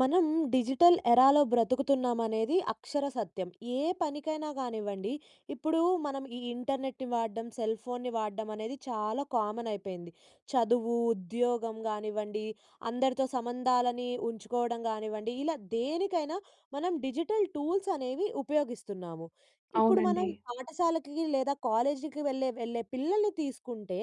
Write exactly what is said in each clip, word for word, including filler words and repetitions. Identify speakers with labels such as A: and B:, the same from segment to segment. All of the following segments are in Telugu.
A: మనం డిజిటల్ ఎరాలో బ్రతుకుతున్నాం అనేది అక్షర సత్యం. ఏ పనికైనా గానివ్వండి, ఇప్పుడు మనం ఈ ఇంటర్నెట్‌ని వాడడం, సెల్‌ఫోన్‌ని వాడడం, అనేది చాలా కామన్ అయిపోయింది. చదువు, ఉద్యోగం గానివ్వండి, అందరితో సంబంధాలని ఉంచుకోవడం గానివ్వండి, ఇలా దేనికైనా మనం డిజిటల్ టూల్స్ అనేవి ఉపయోగిస్తున్నాము. ఇప్పుడు మనం
B: అవునండి.
A: పాఠశాలకి లేదా కాలేజీకి వెళ్ళే, వెళ్ళే పిల్లల్ని తీసుకుంటే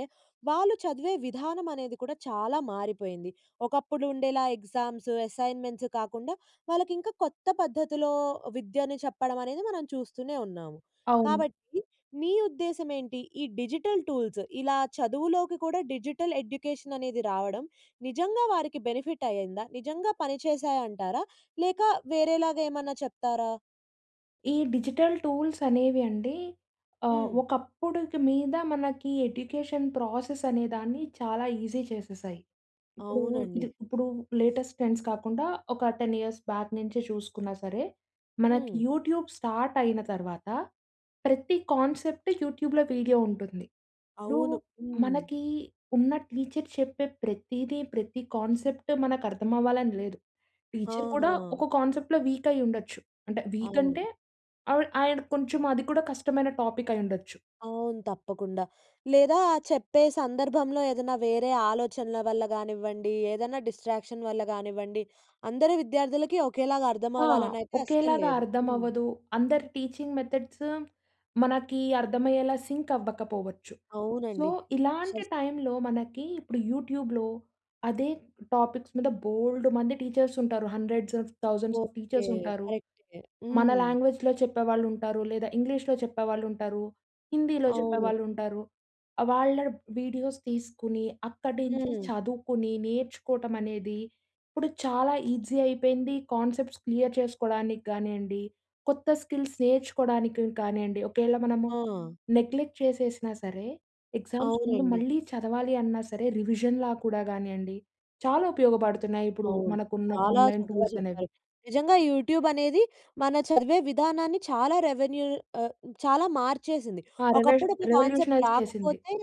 A: వాళ్ళు చదివే విధానం అనేది కూడా చాలా మారిపోయింది. ఒకప్పుడు ఉండేలా ఎగ్జామ్స్, అసైన్‌మెంట్స్, కాకుండా, వాళ్ళకి ఇంకా కొత్త పద్ధతిలో విద్యను చెప్పడం అనేది, మనం చూస్తూనే ఉన్నాము.
B: అవును.
A: కాబట్టి మీ ఉద్దేశ్యం ఏంటి? ఈ డిజిటల్ టూల్స్ ఇలా చదువులోకి కూడా డిజిటల్ ఎడ్యుకేషన్ అనేది రావడం నిజంగా వారికి బెనిఫిట్ అయిందా? నిజంగా పనిచేశాయ అంటారా? లేక వేరేలాగా ఏమన్నా చెప్తారా?
B: ఈ డిజిటల్ టూల్స్ అనేవి అండి, ఆ!
A: హ్మ్.
B: ఒకప్పుడుకి మీద మనకి ఎడ్యుకేషన్ ప్రాసెస్ అనేదాన్ని చాలా ఈజీ చేసేశాయి. ఇప్పుడు,
A: అవునండి.
B: ఇది ఇప్పుడు లేటెస్ట్ ట్రెండ్స్ కాకుండా ఒక టెన్ ఇయర్స్ బ్యాక్ నుంచే చూసుకున్నా సరే. మనకి
A: హ్మ్.
B: యూట్యూబ్ స్టార్ట్ అయిన తర్వాత, ప్రతి కాన్సెప్ట్ యూట్యూబ్‌లో వీడియో ఉంటుంది. ఇప్పుడు
A: అవును. హ్మ్.
B: మనకి ఉన్న టీచర్ చెప్పే ప్రతీది, ప్రతి కాన్సెప్ట్ మనకు అర్థం అవ్వాలని లేదు. టీచర్ కూడా
A: ఆహా!
B: ఒక కాన్సెప్ట్‌లో వీక్ అయ్యి ఉండొచ్చు. అంటే వీక్ అంటే,
A: అవును.
B: ఆవిడ ఆయన కొంచెం అది కూడా కష్టమైన టాపిక్ అయివుండొచ్చు.
A: అవును. తప్పకుండా. లేదా చెప్పే సందర్భంలో ఏదన్నా వేరే ఆలోచనల వల్ల గానివ్వండి, ఏదైనా డిస్ట్రాక్షన్ వల్ల గానివ్వండి, అందరూ విద్యార్థులకి ఒకేలాగా
B: ఆ!
A: అర్థమవ్వాలనైతే అస్సలు
B: ఒకేలాగా
A: లేదు.
B: అర్థం
A: హ్మ్.
B: అవ్వదు. అందరి వటీచింగ్ మెథడ్స్ మనకి అర్థమయ్యేలా సింక్ అవ్వకపోవచ్చు. సో
A: అవునండి. అక్షర
B: ఇలాంటి
A: సత్యం.
B: టైమ్‌లో మనకి ఇప్పుడు యూట్యూబ్‌లో అదే టాపిక్స్ మీద బోళుడు మంది టీచర్స్ ఉంటారు. Hundreds of thousands of
A: okay.
B: Teachers ఉంటారు.
A: కరెక్టే.
B: మన
A: హ్మ్.
B: లాంగ్వేజ్‍లో చెప్పేవాళ్ళు ఉంటారు. లేదా ఇంగ్లీష్‌లో చెప్పేవాళ్ళు ఉంటారు. హిందీలో
A: అవును.
B: చెప్పేవాళ్ళు ఉంటారు. వాళ్ళ వీడియోస్ తీసుకుని, అక్కడి నుంచి
A: హ్మ్.
B: చదువుకుని, నేర్చుకోవటం అనేది, ఇప్పుడు చాలా ఈజీ అయిపోయింది. కాన్సెప్ట్స్ క్లియర్ చేసుకోవడానికి కానియండి, కొత్త స్కిల్స్ నేర్చుకోవడానికి కానియండి, ఒకవేళ మనము
A: ఆ!
B: నెగ్లెక్ట్ చేసేసినా సరే, ఎగ్జామ్స్ ముందు
A: అవునండి.
B: మళ్ళీ చదవాలి అన్నా సరే, రివిజన్‍లా కూడా కానియండి, చాలా ఉపయోగపడుతున్నాయి. ఇప్పుడు
A: అవును.
B: మనకున్న
A: చాలా
B: ఆన్‍లైన్
A: చక్కగా
B: టూల్స్ అనేవి.
A: చెప్పారు. నిజంగా యూట్యూబ్ అనేది మన చదివే విధానాన్ని చాలా రెవెన్యూ ఆహ్, చాలా మార్చేసింది.
B: ఆ! రెవెష
A: ఒకప్పుడు, ఒక కాన్సెప్ట్
B: రివెల్యూషనైజ్ చేసింది.
A: రాకపోతే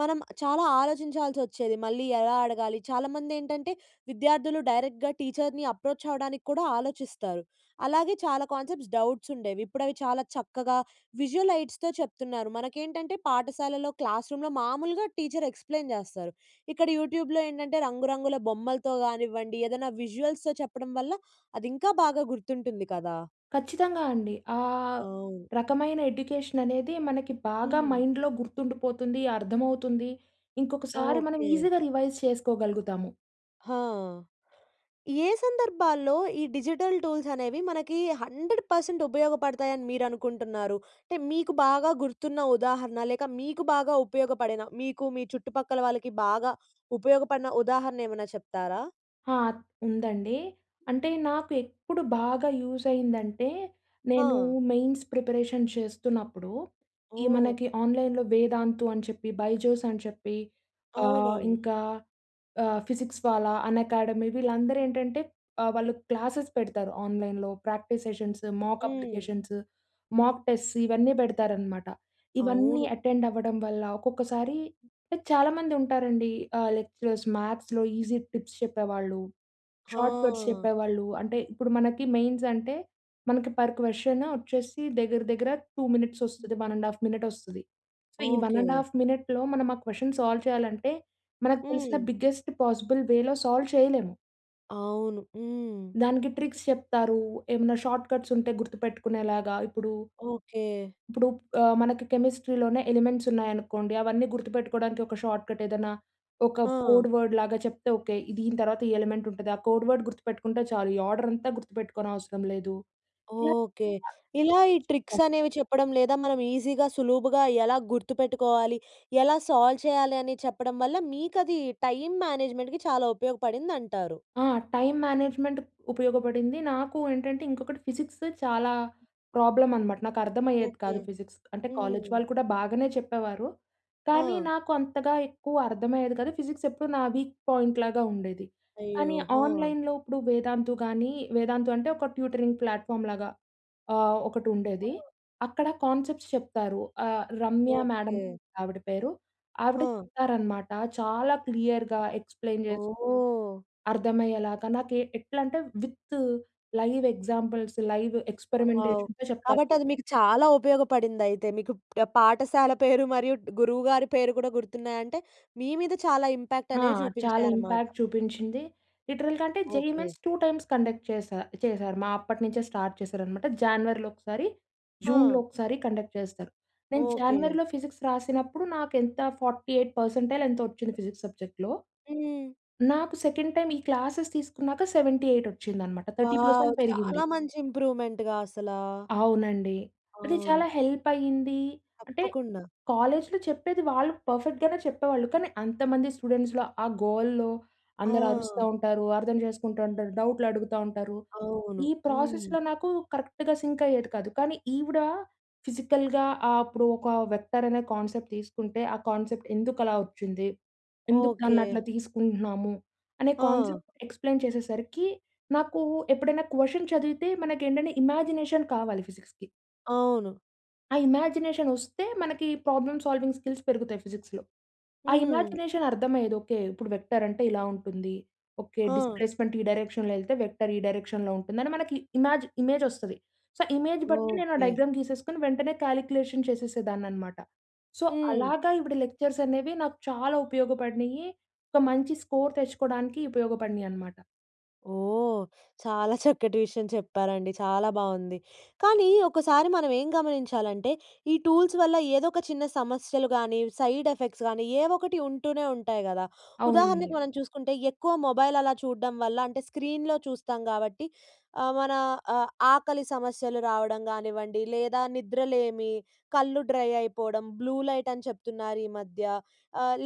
A: మనం చాలా ఆలోచించాల్సి వచ్చేది. మళ్ళీ ఎలా అడగాలి? చాలామంది ఏంటంటే విద్యార్థులు డైరెక్ట్‌గా టీచర్‌ని అప్రోచ్ అవ్వడానికి కూడా ఆలోచిస్తారు. అలాగే చాలా కాన్సెప్ట్స్ డౌట్స్ ఉండేవి. ఇప్పుడు అవి చాలా చక్కగా విజువల్ లైట్స్‌తో చెప్తున్నారు. మనకేంటంటే, పాఠశాలలో క్లాస్ రూమ్‌లో మామూలుగా టీచర్ ఎక్స్‌ప్లెయిన్ చేస్తారు. ఇక్కడ యూట్యూబ్‍లో ఏంటంటే, రంగురంగుల బొమ్మలతో గానివ్వండి, ఏదైనా విజువల్స్‌తో చెప్పడం వల్ల అది ఇంకా బాగా గుర్తుంటుంది కదా?
B: ఖచ్చితంగా అండి. ఆ!
A: అవును.
B: రకమైన ఎడ్యుకేషన్ అనేది, మనకి బాగా
A: హ్మ్.
B: మైండ్‌లో గుర్తుండిపోతుంది, అర్థమవుతుంది. ఇంకొకసారి మనం
A: ఓకే.
B: ఈజీ‌గా రివైజ్ చేసుకోగలుగుతాము.
A: ఆ! ఏ సందర్భాల్లో ఈ డిజిటల్ టూల్స్ అనేవి మనకి హండ్రెడ్ పర్సెంట్ ఉపయోగపడతాయి అని మీరు అనుకుంటన్నారు? టే మీకు బాగా గుర్తున్న ఉదాహరణ లేక మీకు బాగా ఉపయోగపడిన, మీకు మీ చుట్టుపక్కల వాళ్ళకి బాగా ఉపయోగపడిన ఉదాహరణ ఏమన్నా చెప్తారా?
B: ఆ! ఉందండీ. అంటే నాకు ఎప్పుడు బాగా యూజ్ అయ్యిందంటే, నేనూ
A: ఆ!
B: మెయిన్స్ ప్రిపరేషన్ చేస్తున్నప్పుడూ, ఈ
A: ఓహ్!
B: మనకి ఆన్లైన్‌లో వేదాంతు అని చెప్పి, బైజోస్ అని చెప్పి, ఆహ్,
A: అవునవును.
B: ఇంకా ఆహ్, ఫిజిక్స్ వాలా, అన్ఎకాడమీ వీళ్ళందరు ఏంటంటే ఆహ్, వాళ్ళు క్లాసెస్ పెడతారు. ఆన్లైన్‌లో ప్రాక్టీస్ సెషన్స్, మాక్
A: హ్మ్.
B: అప్లికేషన్స్, మాక్ టెస్ట్స్ ఇవన్నీ పెడతారనమాట. ఇవన్నీ
A: అవును.
B: అటెండ్ అవ్వడం వల్ల ఒక్కొక్కసారీ లైక్ చాలామంది ఉంటారండి. ఆహ్, లెక్చరర్స్ మ్యాథ్స్‌లో ఈజీ టిప్స్ చెప్పేవాళ్ళు. షార్ట్కట్స్
A: ఆ!
B: చెప్పేవాళ్ళు. అంటే, ఇప్పుడు మనకి మెయిన్స్ అంటే మనకి పర్ క్వశ్చన్ వచ్చేసి దగ్గర దగ్గర టూ మినిట్స్ వస్తుది. వన్ అండ్ హాఫ్ మినిట్ వస్తది. సో ఈ వన్ అండ్
A: ఓకే.
B: హాఫ్ మినిట్‌లో మనం, ఆ క్వశ్చన్ సాల్వ్ చెయ్యాలంటే, మనకు తెలిసిన
A: హ్మ్.
B: బిగ్గెస్ట్ పాజిబుల్ వేలో సాల్వ్ చేయలేము.
A: అవును. హ్మ్.
B: దానికి ట్రిక్స్ చెప్తారు. ఏమైనా షార్ట్‌కట్స్ ఉంటే గుర్తుపెట్టుకునేలాగా ఇప్పుడూ
A: ఓకె.
B: ఇప్పుడు ఆహ్, మనకి కెమిస్ట్రీలోనే ఎలిమెంట్స్ ఉన్నాయనుకోండి. అవన్నీ గుర్తుపెట్టుకోవడానికి ఒక షార్ట్‌కట్ ఏదైనా ఒక
A: ఆ!
B: కోడ్ వర్డ్‌ లాగా చెప్తే, ఓకె దీని తర్వాత ఈ ఎలిమెంట్ ఉంటది ఆ కోడ్ వర్డ్ గుర్తుపెట్టుకుంటే చాలు ఈ ఆర్డర్ అంతా గుర్తుపెట్టుకోనవసరం లేదు. ఇలా
A: ఓకె. ఇలా ఈ ట్రిక్స్
B: చెప్తారు.
A: అనేవి చెప్పడం లేదా మనం ఈజీగా, సులుభుగా ఎలా గుర్తుపెట్టుకోవాలి, ఎలా సాల్వ్ చేయాలి అని చెప్పడం వల్ల మీకు అది టైమ్ మేనేజ్మెంట్‌కి చాలా ఉపయోగపడింది అంటారు.
B: ఆ! టైమ్ మేనేజ్‍మెంట్ ఉపయోగపడింది. నాకు ఏంటంటే ఇంకొకటి ఫిజిక్స్ చాలా ప్రాబ్లమ్ అనమాట నాకు అర్థమయ్యేది
A: ఓకె.
B: కాదు ఫిజిక్స్. అంటే కాలేజ్
A: హ్మ్.
B: వాళ్ళు కూడా బాగనే చెప్పేవారు కానీ
A: ఆ!
B: నాకు అంతగా ఎక్కువ అర్థమయ్యేది కాదు. ఫిజిక్స్ ఎప్పుడు నా వీక్ పాయింట్‌ లాగా ఉండేది. కానీ
A: అయ్యో! ఆ!
B: ఆన్‍లైన్‍లో ఇప్పుడు వేదాంతు గానీ, వేదాంతు అంటే ఒక ట్యూటరింగ్ ప్లాట్‍ఫామ్‌ లాగా ఆహ్, ఒకటుండేది.
A: ఆ!
B: అక్కడ కాన్సెప్ట్స్ చెప్తారు ఆహ్, రమ్య మేడమ్
A: ఓకె.
B: ఆవిడ పేరు. ఆవిడ
A: ఆ!
B: చెప్తారనమాట. చాలా క్లియర్‌గా ఎక్స్‌ప్లెయిన్ చేసి
A: ఓహ్!
B: అర్థమయ్యేలాగా నాకు ఏ ఎట్లా అంటే with live examples, live
A: wow!
B: ఏక్స్పెరిమెంటేషన్‌తో ‌చెప్తారు.
A: కాబట్టి అది మీకు చాలా ఉపయోగపడిందైతే. మీకు పాఠశాల పేరు మరియు గురువు గారి పేరు కూడా గుర్తున్నాయంటే, మీ మీద చాలా ఇంపాక్ట్
B: ఆ!
A: అనేది
B: చాలా
A: చూపించాయన్నమాట.
B: ఇంపాక్ట్ చూపించింది. లిటరల్‌గా అంటే, JEE
A: okay.
B: Mains two times conduct చేసా చేసారు మా అప్పటినుంచే స్టార్ట్ చేశారనమాట. జానివరిలో ఒకసారి, జూన్‌లో
A: ఆ!
B: ఒకసారి కండక్ట్ చేస్తారు. నేను
A: ఓకె.
B: జానివరిలో ఫిజిక్స్ రాసినప్పుడు నాకు ఎంత ఫార్టీ ఎయిట్ పర్సంటైల్ ఎంతొ వచ్చింది ఫిజిక్స్ సబ్జెక్ట్‌లో.
A: హ్మ్.
B: నాకు సెకండ్ ‌టైమ్ ఈ క్లాస్స్ తీసుకున్నాక సెవెంటీ ఎయిట్ వచ్చింది అన్నమాట. Thirty
A: wow!
B: పర్సెంట్ పెరిగింది.
A: చాలా మంచి ఇంప్రూమెంట్‌గా అసలా!
B: అవునండి. అది
A: అవును.
B: చాలా హెల్ప్ అయ్యింది. అంటే,
A: తప్పకుండా.
B: కాలేజ్‌లో చెప్పేది వాళ్ళు పర్ఫెక్ట్‌గానే చెప్పేవాళ్ళు కానీ అంతమంది స్టూడెంట్స్‌లో, ఆ గోలలో, అందరూ అరుస్తా
A: ఆ!
B: ఉంటారు. అర్థం చేసుకుంటా ఉంటారు, డౌట్‌లడుగుతా ఉంటారు.
A: అవును.
B: ఈ
A: హ్మ్.
B: ప్రాసెస్‌లో నాకు కరెక్ట్‌గా సింక్ అయ్యేది కాదు. కానీ ఈవిడ ఫిజికల్‌గా ఆహ్, అప్పుడు ఒక వెక్టారనే కాన్సెప్ట్ తీసుకుంటే, "ఆ కాన్సెప్ట్ ఎందుకు అలా ఓచ్చింది? ఎందుకు దాన్ని
A: ఓకె.
B: అట్లా తీసుకుంటున్నాము?" అనే
A: ఆ!
B: కాన్సెప్ట్ ఎక్స్‌ప్లెయిన్ చేసేసరికి నాకు ఎప్పుడైనా క్వషన్ చదివితే మనకు ఏంటంటే ఇమాజినేషన్ కావాలి ఫిజిక్స్‌కి
A: అవును.
B: ఆ ఇమాజినేషనొస్తే మనకి ప్రాబ్లమ్ సాల్వింగ్ స్కిల్స్ పెరుగుతాయి ఫిజిక్స్‌లో. ఆ
A: హ్మ్.
B: ఇమాజినేషన్ అర్థమయ్యేది. ఓకె. ఇప్పుడు వెక్టర్ అంటే ఇలా ఉంటుంది ఓకే
A: హా!
B: డిస్‌ప్లేస్‌మెంట్ ఈ డైరెక్షన్‌లో వెళ్తే వెక్టర్ ఈ డైరెక్షన్‌లో ఉంటుందని మనకి ఇమాజ్ ఇమేజ్ వస్తది. సో, ఇమేజ్ బట్టి నేను ఆ
A: ఓకె!
B: డయాగ్రామ్ గీసేసుకొని వెంటనే కాలిక్యులేషన్ చేసేసేదానన్నమాట. సో,
A: హ్మ్.
B: అలాగా ఈవిడ లెక్చర్స్ అనేవి నాకు చాలా ఉపయోగపడినాయి, ఒక మంచి స్కోర్ తెచ్చుకోవడానికి ఉపయోగపడినాయన్నమాట.
A: ఓహ్! చాలా చక్కటి విషయం చెప్పారండి. చాలా బావుంది. కానీ ఒకసారి మనం ఏం గమనించాలంటే ఈ టూల్స్ వల్ల ఏదో ఒక చిన్న సమస్యలు గానీ సైడ్ ఎఫెక్ట్స్ గాని ఏవొకటి ఉంటూనే ఉంటాయి కదా!
B: అవునండి.
A: ఉదాహరణకు మనం చూసుకుంటే ఎక్కువ మొబైల్ అలా చూడ్డం వల్ల అంటే స్క్రీన్‌లో చూస్తాం కాబట్టి ఆహ్, మన ఆహ్, ఆకలి సమస్యలు రావడం గానివ్వండి, లేదా నిద్రలేమి, కళ్ళు డ్రై అయిపోవడం, బ్లూ లైట్ అని చెప్తున్నారు ఈ మధ్య.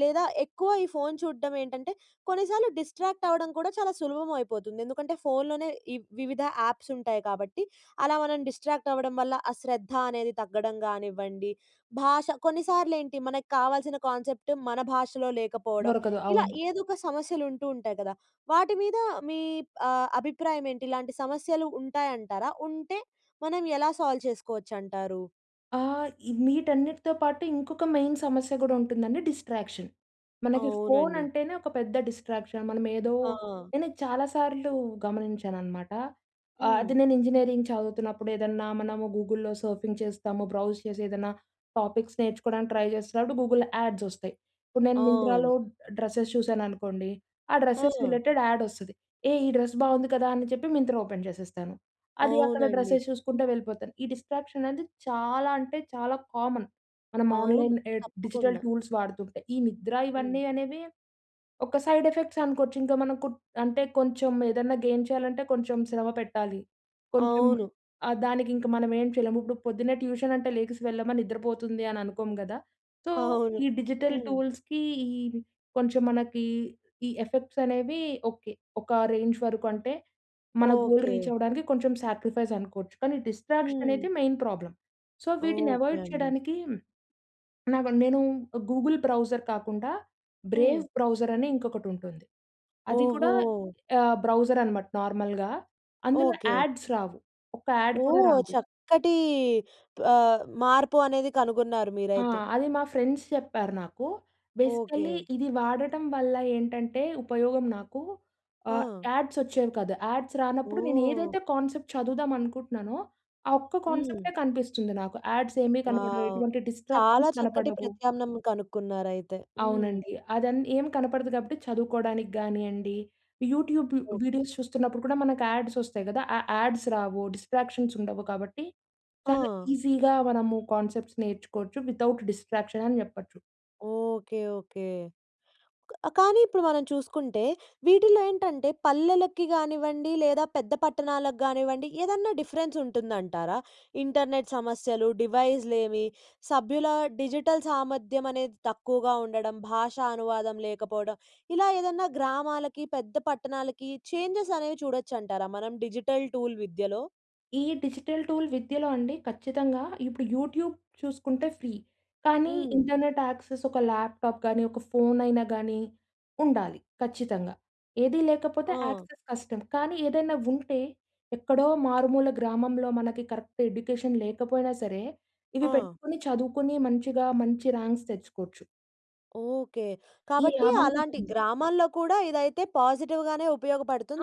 A: లేదా ఎక్కువ ఈ ఫోన్ చూడడం ఏంటంటే కొన్నిసార్లు డిస్ట్రాక్ట్ అవ్వడం కూడా చాలా సులభం అయిపోతుంది. ఎందుకంటే ఫోన్‌లోనే ఈ వివిధ యాప్స్ ఉంటాయి కాబట్టి అలా మనం డిస్ట్రాక్ట్ అవ్వడం వల్ల ఆ శ్రద్ధ అనేది తగ్గడం గానివ్వండి, భాష కొన్నిసార్లు ఏంటి మనకు కావాల్సిన కాన్సెప్ట్ మన భాషలో లేకపోవడం
B: దొరకదు.
A: ఇలా
B: అవును.
A: ఏదో ఒక సమస్యలు ఉంటూ ఉంటాయి కదా! వాటి మీద మీ ఆహ్, అభిప్రాయం ఏంటి ఇలాంటి సమస్యలు ఉంటాయంటారా? ఉంటే మనం ఎలా సాల్వ్ చేసుకోవచ్చంటారు?
B: ఆ! ఇ వీటన్నిటితో పాటు ఇంకొక మెయిన్ సమస్య గూడా ఉంటుందండి డిస్ట్రాక్షన్. మనకి ఫోన్
A: అవునండి.
B: అంటేనే ఒక పెద్ద డిస్ట్రాక్షన్. మనం ఏదో
A: ఆ!
B: నేనిది చాలా సార్లు గమనించానన్నమాట. ఆ!
A: హ్మ్.
B: అది నేను ఇంజనీరింగ్ చదువుతున్నప్పుడు ఏదన్నా మనము గూగుల్‌లో సర్ఫింగ్ చేస్తాము. బ్రౌజ్ చేసి ఏదన్నా టాపిక్స్ నేర్చుకోవడానికి ట్రై జేస్తున్నప్పుడు, గూగుల్‍లో యాడ్స్ వస్తాయి. ఇప్పుడు నేను మింత్రలో
A: అవును.
B: డ్రెస్సెస్ చూశాననుకోండి. ఆ డ్రెస్సెస్
A: ఆ!
B: రిలేటెడ్ యాడ్ వస్తది. ఏహ్! ఈ డ్రెస్ బాగుంది కదా! అని చెప్పి మింత్రా ఓపెన్ చేసేస్తాను. అది అక్కడ
A: అవునండి.
B: డ్రెస్సెస్ చూసుకుంటా వెళ్ళిపోతాను. ఈ డిస్ట్రాక్షన్ అనేది చాలా అంటే, చాలా కామన్. మనం
A: అవును.
B: ఆన్లైన్ ఎహ్ డిజిటల్
A: తప్పకుండా.
B: టూల్స్ వాడుతుంటే, ఈ నిద్ర
A: హ్మ్.
B: ఇవన్నీ అనేవి ఒక సైడ్ ఎఫెక్ట్స్ అనుకోవచ్చు. ఇంకా మనకు అంటే, కొంచెం ఏదన్నా గెయిన్ చేయాలంటే కొంచెం శ్రమ పెట్టాలి. కొంచెం
A: అవును.
B: ఆహ్, దానికి ఇంక మనం ఏం చేయలేము ఇప్పుడు పొద్దున్నే ట్యూషన్ అంటే, లెగిసి వెళ్ళమా నిద్రపోతుంది అని అనుకోము కదా! సో
A: అవును.
B: ఈ డిజిటల్
A: హ్మ్.
B: టూల్స్‌కి కొంచెం మనకి ఈ ఎఫెక్ట్స్ అనేవి ఓకే. ఒక రేంజ్ వరకు అంటే, మన గోల్ రీచ్
A: ఓకే.
B: అవ్వడానికి కొంచెం సాక్రిఫైస్ అనుకోవచ్చు. కానీ డిస్ట్రాక్షన్
A: హ్మ్.
B: అనేది మెయిన్ ప్రాబ్లమ్. సో వీటిని
A: ఓకే
B: అవాయిడ్
A: అండి.
B: చేయడానికి నాకు నేను గూగుల్ బ్రౌజర్ కాకుండా బ్రేవ్
A: హ్మ్.
B: బ్రౌజర్ అని ఇంకొకటి ఉంటుంది. అది కూడా
A: ఓహో!
B: ఆహ్, బ్రౌజర్ అన్నమాట నార్మల్‌గా అందులో
A: ఓకే.
B: యాడ్స్ రావు. ఒక యాడ్ కూడా
A: ఓహ్!
B: రాదు.
A: చక్కటి ఆహ్, మార్పు అనేది కనుగొన్నారు
B: ఆ!
A: మీరైతే.
B: అది మా ఫ్రెండ్స్ చెప్పారు నాకు. Basically
A: okay.
B: ఇది వాడటం వల్ల ఏంటంటే ఉపయోగం నాకు ఆహ్,
A: ఆ!
B: యాడ్స్ వచ్చేవి కాదు. యాడ్స్ రానప్పుడు నేను
A: ఓహ్!
B: ఏదైతే కాన్సెప్ట్ చదువుదాం అనుకుంటున్నానో. ఆ ఒక్క
A: హ్మ్.
B: కాన్సెప్టే కనిపిస్తుంది నాకు. యాడ్స్ ఏమీ కనపడవు.
A: వావ్!
B: ఎటువంటి
A: చాలా
B: డిస్ట్రాక్షన్స్
A: చక్కటి
B: కనపడవు.
A: ప్రత్యామ్నం కనుక్కున్నారు అయితే. హ్మ్.
B: అవునండి. అది అన్ ఏమి కనపడదు కాబట్టి చదువుకోవడానికి గానియండి. YouTube
A: okay.
B: వీడియోస్ చూస్తున్నప్పుడు కూడా మనకు యాడ్స్ వస్తాయి గదా! ఆ యాడ్స్ రావు. డిస్ట్రాక్షన్స్ ఉండవు కాబట్టి చాలా
A: ఆ!
B: ఈజీగా మనము కాన్సెప్ట్స్ నేర్చుకోవచ్చు. వితౌట్ డిస్ట్రాక్షన్ అని జెప్పొచ్చు.
A: Okay, okay. క కానీ ఇప్పుడు మనం చూసుకుంటే వీటిలో ఏంటంటే పల్లెలకి గానివ్వండి లేదా పెద్ద పట్టణాలకి గానివ్వండి ఏదన్నా డిఫరెన్స్ ఉంటుందంటారా? ఇంటర్నెట్ సమస్యలు, డివైస్లేమి, సభ్యుల డిజిటల్ సామర్థ్యం అనేది తక్కువగా ఉండడం, భాషా అనువాదం లేకపోవడం. ఇలా ఏదన్నా గ్రామాలకి, పెద్ద పట్టణాలకి చేంజెస్ అనేవి చూడొచ్చంటార మనం డిజిటల్ టూల్ విద్యలో?
B: ఈ డిజిటల్ టూల్ విద్యలో అండి ఖచ్చితంగా, ఇప్పుడు యూట్యూబ్ చూసుకుంటే ఫ్రీ కానీ,
A: హ్మ్.
B: ఇంటర్నెట్ యాక్సెస్, ఒక ల్యాప్టాప్ గానీ, ఒక ఫోనైనా గాని ఉండాలి ఖచ్చితంగా. ఏది లేకపోతే
A: ఆ!
B: యాక్సెస్ కష్టం. కానీ ఏదైనా ఉంటే ఎక్కడో మారుమూల గ్రామంలో మనకి కరెక్ట్ ఎడ్యుకేషన్ లేకపోయినా సరే ఇవి
A: ఆ!
B: పెట్టుకొని చదువుకొని మంచిగా, మంచి ర్యాంక్స్ తెచ్చుకోవచ్చు.
A: ఓకె.
B: ఈ
A: కాబట్టి
B: లాభం
A: అలాంటి
B: కూడుంది.
A: గ్రామాల్లో కూడా ఇదైతే పాజిటివ్‌గానే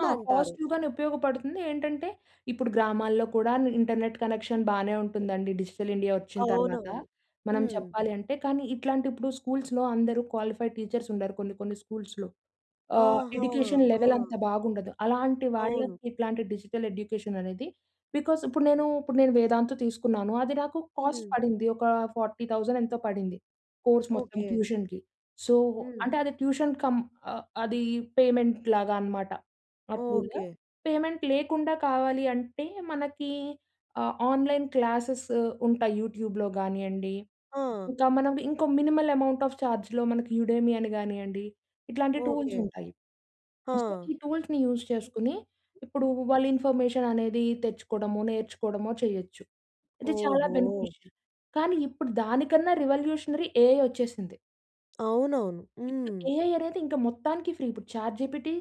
B: ఆ! పాజిటివ్‌గానే ఉపయోగపడుతుంది. ఏంటంటే ఇప్పుడు గ్రామాల్లో కూడా ఇంటర్నెట్ కనెక్షన్ బానే ఉంటుందండి. డిజిటల్ ఇండియా వచ్చిన తర్వాత
A: అవునవును.
B: మనం
A: హ్మ్.
B: చెప్పాలి అంటే. కానీ ఇట్లాంటి ఇప్పుడు స్కూల్స్‌లో అందరూ క్వాలిఫైడ్ టీచర్స్ ఉండరు కొన్ని కొన్ని స్కూల్స్‌లో. ఆహ్,
A: ఆహా!
B: ఎడ్యుకేషన్
A: ఆ!
B: లెవెల్ అంత బాగుండదు. అలాంటి
A: అవును.
B: వాళ్ళకి ఇట్లాంటి డిజిటల్ ఎడ్యుకేషన్ అనేది బికాస్ ఇప్పుడు నేను, ఇప్పుడు నేను వేదాంతు తీసుకున్నాను. అది నాకు కాస్ట్
A: హ్మ్.
B: పడింది ఒక ఫార్టీ థౌసండ్ ఎంతో పడింది కోర్స్ మొత్తం
A: ఓకె.
B: ట్యూషన్‌కి. సో
A: హ్మ్.
B: అంటే అది ట్యూషన్ కమ్ అ అది పేమెంట్‌ లాగా అనమాట. ఆ టూల్.
A: ఓకె.
B: పేమెంట్ లేకుండా కావాలి అంటే మనకి ఆహ్, ఆన్‍లైన్ క్లాసెస్ ఉంటాయి యూట్యూబ్‍లో గానియండి.
A: ఆ!
B: ఇంకా మనం ఇంకో మినిమల్ అమౌంట్ ఆఫ్ చార్జ్‌లో మనకి యుడెమి అని గానియండి. ఇట్లాంటి టూల్స్
A: ఓకె.
B: ఉంటాయి.
A: ఆ!
B: సో ఈ టూల్స్‌ని యూజ్ చేసుకొని. ఇప్పుడు వాళ్ళు ఇన్ఫర్మేషన్ అనేది తెచ్చుకోవడము, నేర్చుకోవడము చేయొచ్చు. ఇది చాలా
A: ఓహో!
B: బెనిఫిషియల్. కానీ ఇప్పుడు దానికన్నా రివల్యుషనరి ఎఐ వచ్చేసింది.
A: అవునవును.
B: ఇప్పుడు
A: హ్మ్.
B: ఏఐ అనేదింక మొత్తానికి ఫ్రీ. ఇప్పుడు చాట్‌జీపిటీ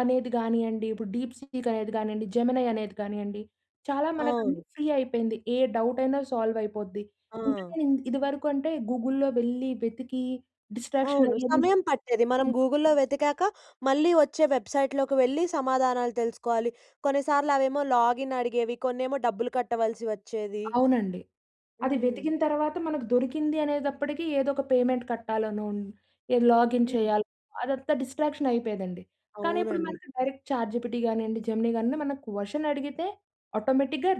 B: అనేది గానీయండి, ఇప్పుడు డీప్‌సీక్ అనేది గానియండి, జెమినై అనేది గానీయండి చాలా మనకన్ని
A: అవును.
B: ఫ్రీ అయిపోయింది. ఏ డవుటయినా సాల్వయిపోద్ది.
A: ఆ!
B: [unintelligible] ఇదివరకు అంటే గూగుల్‌లో వెళ్లి వెతికి డిస్ట్రాక్షన్
A: అవును.
B: అయ్యేదని
A: సమయం పట్టేది, మనం
B: [unintelligible]
A: గూగుల్‌లో వెతికాక, మళ్ళీ వచ్చే వెబ్సైట్‌లోకి వెళ్ళి, సమాధానాలు తెలుసుకోవాలి. కొన్నిసార్లు అవేమో లాగిన్ అడిగేవి, కొన్నేమో డబ్బులు కట్టవలసి వచ్చేది.
B: అవునండి. అది
A: హ్మ్.
B: వెతికిన తర్వాత, మనకు దొరికిందీ అనేదప్పటికీ, ఏదో ఒక పేమెంట్ కట్టాలనోన్, ఏ లాగిన్
A: హ్మ్.
B: చేయాలో, అదంతా డిస్ట్రాక్షనయిపోయేదండి. కానీ ఇప్పుడు
A: అవునండి.
B: మనకి డైరెక్ట్ ఛాట్‌జీపిటి గానీయండి, జెమినీ గానీ ఏమన్న క్వషన్ అడిగితే, ఆటోమేటిక్‌గా,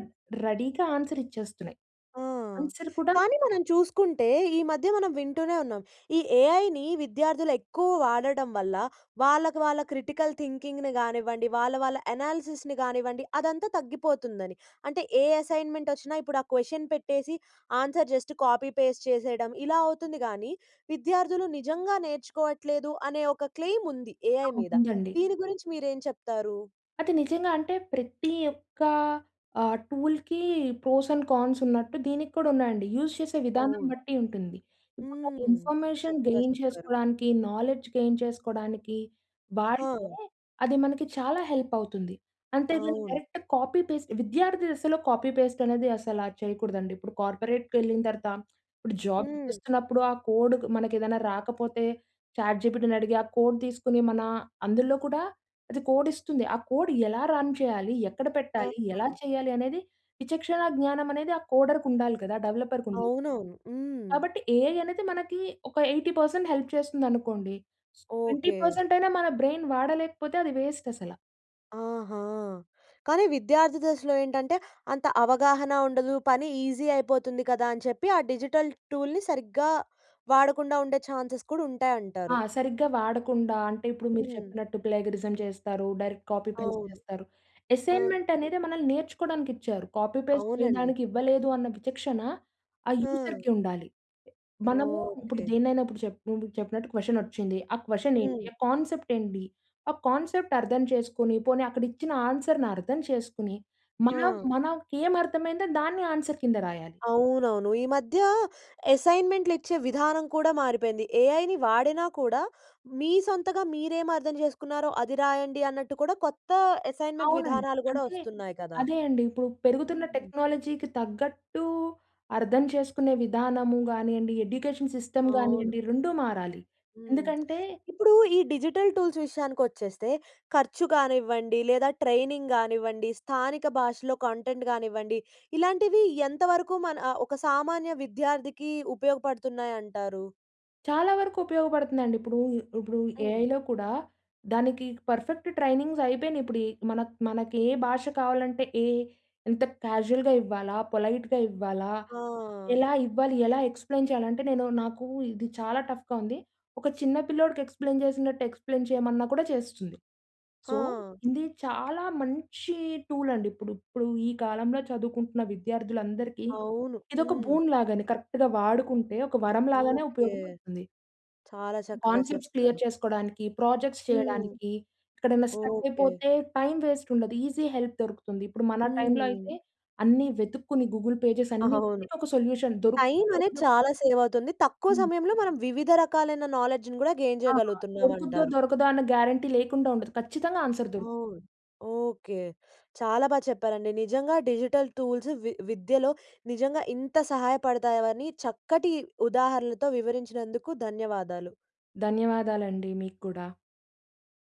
B: రెడీగా ఆన్సరిచ్చేస్తున్నాయి.
A: ఆ!
B: ఆన్సర్ కూడా
A: కానీ మనం చూసుకుంటే, ఈ మధ్య మనం వింటూనే ఉన్నాం. ఈ ఏఐని విద్యార్థులెక్కువ వాడడం వల్ల, వాళ్ళకు వాళ్ళ క్రిటికల్ థింకింగ్‌ని గానివ్వండి, వాళ్ళ వాళ్ళ అనాలిసిస్‌ని గానివ్వండి, అదంతా తగ్గిపోతుందని. అంటే ఏ అసైన్‌మెంటొచ్చినా ఇప్పుడా క్వెషన్ పెట్టేసి, ఆన్సర్ జస్ట్ కాపీ పేస్ట్ చేసేయడం. ఇలా అవుతుంది గానీ, విద్యార్థులు నిజంగా నేర్చుకోవట్లేదు, అనే ఒక క్లెయిముంది ఏఐ
B: ఆ!
A: మీద.
B: ఉందండి.
A: దీని గురించి మీరేం చెప్తారూ?
B: అది నిజంగా అంటే, ప్రతి యొక్క ఆహ్, టూల్‌కి, ప్రోస్ అండ్ కాన్స్ ఉన్నట్టు, దీనికి కూడా ఉన్నాయండి. యూజ్ చేసే విధానం
A: అవును.
B: బట్టి ఉంటుంది. ఇప్పుడు నాకు
A: హ్మ్.
B: ఇన్ఫర్మేషన్
A: చక్కగా
B: గెయిన్
A: చెప్పారు.
B: చేసుకోడానికి, నాలెడ్జ్ గెయిన్ చేసుకోడానికి, వాడితే,
A: హ!
B: అది మనకి చాలా హెల్పవుతుంది. అంతేగాని
A: అవును.
B: డైరెక్ట్ కాపీ పేస్ట్ విద్యార్థి దశలో కాపీ పేస్టనేది అసలా చేయకూడదండీ. ఇప్పుడు కార్పొరేట్‌‌కెళ్ళిన తరత ఇప్పుడు జాబ్
A: హ్మ్.
B: చేస్తున్నప్పుడు ఆ కోడుకు మనకేదన్నా రాకపోతే చాట్‌జీపిటీని అడిగి, ఆ కోడ్ తీసుకొని మనా అందులో కూడా, అది కోడిస్తుంది. ఆ కోడ్ ఎలా రన్ చేయాలి? ఎక్కడ పెట్టాలి? ఎలా
A: ఆహాహా!
B: చేయాలి అనేది, విచక్షణ జ్ఞానం అనేది ఆ కోడర్‌కుండాలి గదా! డెవలపర్‌‌కుండదు.
A: అవునవును. హ్మ్.
B: కాబట్టి ఏఐ అనేది మనకీ, ఒక ఎయిటీ పర్సెంట్ హెల్ప్ చేస్తుందనుకోండీ, ట్వేంటీ
A: ఓకే.
B: పర్సెంటయినా మన బ్రెయిన్ వాడలేకపోతే అది వేస్టసల.
A: ఆహా! కానీ విద్యార్థి దశలో ఏంటంటే, అంత అవగాహన ఉండదు పని ఈజీ అయిపోతుంది కదా అని చెప్పి, ఆ డిజిటల్ టూల్‌ని సరిగ్గా వాడకుండా ఉండే ఛాన్సెస్ కూడా ఉంటాయి
B: ఆ!
A: అంటారు.
B: సరిగ్గా వాడకుండా అంటే ఇప్పుడు మీరు
A: హ్మ్.
B: చెప్పినట్టు ప్లేగరిజం చేస్తారు. డైరెక్ట్ కాపీ పేస్ట్
A: అవును.
B: చేస్తారు.
A: ఆ! హ్మ్.
B: అసైన్మెంట్ అనేది మనల్ని నేర్చుకోవడానికి ఇచ్చారు. కాపీ పేస్ట్
A: అవునండి.
B: చేయడానికి ఇవ్వలేదు అన్న విచక్షణ, ఆ
A: ఆ!
B: యూజర్‌కి ఉండాలి. మనము ఇప్పుడు
A: ఓకే.
B: దేన్నైనా ఇప్పుడు చేప్ చెప్పినట్టు క్వెషన్ వచ్చింది. ఆ క్వెషన్ ఏంటి,
A: హ్మ్.
B: ఆ కాన్సెప్ట్ ఏంటి, ఆ కాన్సెప్ట్ అర్థం చేసుకొని, పోనీ అక్కడ ఇచ్చిన ఆన్సర్‌ని అర్థం చేసుకొని మనం
A: ఆ!
B: మనకే అర్థమైందో దాన్ని ఆన్సర్ కింద రాయాలి.
A: అవునవును. ఈ మధ్య అసైన్మెంట్‌లు ఇచ్చే విధానం కూడా మారిపోయింది. ఏఐ‌ని వాడినా కూడా, మీ సొంతంగా మీరేమి అర్థం చేసుకున్నారో అది రాయండి అన్నట్టు కూడా, కొత్త అసైన్మెంట్
B: అవునండి.
A: విధానాలు కూడా
B: అంటే
A: వస్తున్నాయి కదా!
B: అదే అండి. ఇప్పుడు పెరుగుతున్న
A: హ్మ్.
B: టెక్నాలజీ‌కి తగ్గట్టు అర్థం చేసుకునే విధానము గానియండి, ఎడ్యుకేషన్ సిస్టమ్
A: అవును.
B: గానియండి, రెండూ మారాలి.
A: హ్మ్.
B: ఎందుకంటే
A: ఇప్పుడు ఈ డిజిటల్ టూల్స్ విషయానికి వచ్చేస్తే, ఖర్చు కానివ్వండి లేదా, ట్రైనింగ్ గానివ్వండి స్థానిక భాషలో కంటెంట్ కానివ్వండి, ఇలాంటివి ఎంతవరకు మన అ ఒక సామాన్య విద్యార్థికి ఉపయోగపడుతున్నాయి అంటారు?
B: చాలా వరకు ఉపయోగపడుతుందండి. ఇప్పుడు ఇప్పుడు
A: హ్మ్.
B: ఏఐలో కూడా దానికి పర్ఫెక్ట్ ట్రైనింగ్స్ అయి‌పోయిన‌యి ఇప్పుడు. మన మనకి ఏ భాష కావాలంటే ఏ ఎంత క్యాజువల్‌గా ఇవ్వాలా, పొలైట్‌గా ఇవ్వాలా,
A: ఆ!
B: ఎలా ఇవ్వాలి, ఎలా ఎక్స్‌ప్లయిన్ చేయాలి, అంటే నేను నాకు ఇది చాలా టఫ్‍గా ఉంది. ఒక చిన్న పిల్లోడికి ఎక్స్‌ప్లయిన్ చేసినట్టు ఎక్స్‌ప్లెయిన్ చేయమన్నా కూడా చేస్తుంది. సో,
A: ఆ!
B: ఇది చాలా మంచి టూల్ అండి ఇప్పుడు. ఇప్పుడు ఈ కాలంలో చదువుకుంటున్న విద్యార్థులందరికీ,
A: అవును.
B: ఇదొక
A: హ్మ్.
B: బూన్ లాగ అని కరెక్ట్‌గా వాడుకుంటే, ఒక వరం లాగానే
A: ఓకె.
B: ఉపయోగపడుతుంది.
A: చాలా చక్కగా
B: కాన్సెప్ట్స్ క్లియర్
A: చెప్పారు.
B: చేసుకోడానికి, ప్రాజెక్ట్స్
A: హ్మ్.
B: చేయడానికి, ఎక్కడైనా ష్ట్ర‌క్
A: ఓకె.
B: అయిపోతే టైమ్ వేస్ట్ ఉండదు. ఈజీ హెల్ప్ దొరుకుతుంది. ఇప్పుడు మన టైమ్‌లో
A: హ్మ్.
B: అయితే, అన్ని వెతుక్కుని గూగుల్ పేజెస్ అన్ని
A: అవును.
B: ఒక సొల్యూషన్
A: టైం
B: దొరుకుతుందో
A: అనేది
B: దొర‌క‌దో
A: చాలా సేవ్ అవుతుంది. తక్కువ
B: హ్మ్.
A: సమయంలో మనం వివిధ రకాలైన నాలెడ్జ్‌ని కూడా గెయిన్
B: అహా!
A: చేయగలుగుతున్నాం
B: దొరుకుద్దో
A: అంటారు.
B: దొరకదో అన్న గ్యారంటీ లేకుండా ఉండదు, ఖచ్చితంగా ఆన్సర్ దొరుకు
A: అవును. ఓకె. చాలా బా చెప్పారండి. నిజంగా డిజిటల్ టూల్స్ వి విద్యలో నిజంగా ఇంత సహాయపడతాయని, చక్కటి ఉదాహరణలతో వివరించినందుకు ధన్యవాదాలు.
B: ధన్యవాదాలండి. మీకు కూడా.